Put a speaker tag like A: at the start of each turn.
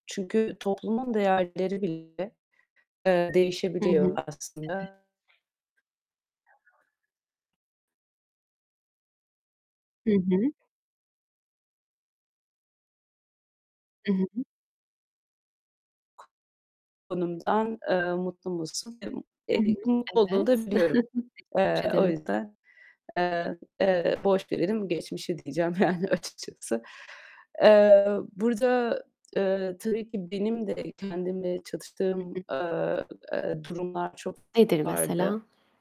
A: Çünkü toplumun değerleri bile, eee,
B: Hı hı.
A: değişebiliyor
B: Evet.
A: aslında.
B: Hı hı. I hı hı.
A: Konumdan, eee, mutlu musun? Eee,
B: Hı
A: eee,
B: hı.
A: mutlu olduğunu da
B: Evet.
A: biliyorum. Eee, o
B: [unintelligible]
A: yüzden, eee, eee, "Boş verelim geçmişi." diyeceğim, yani, açıkçası. Eee, burada, eee, tabii ki benim de kendimle
B: Hı
A: çatıştığım,
B: hı.
A: eee, eee, durumlar çok
B: Nedir
A: vardı.
B: mesela?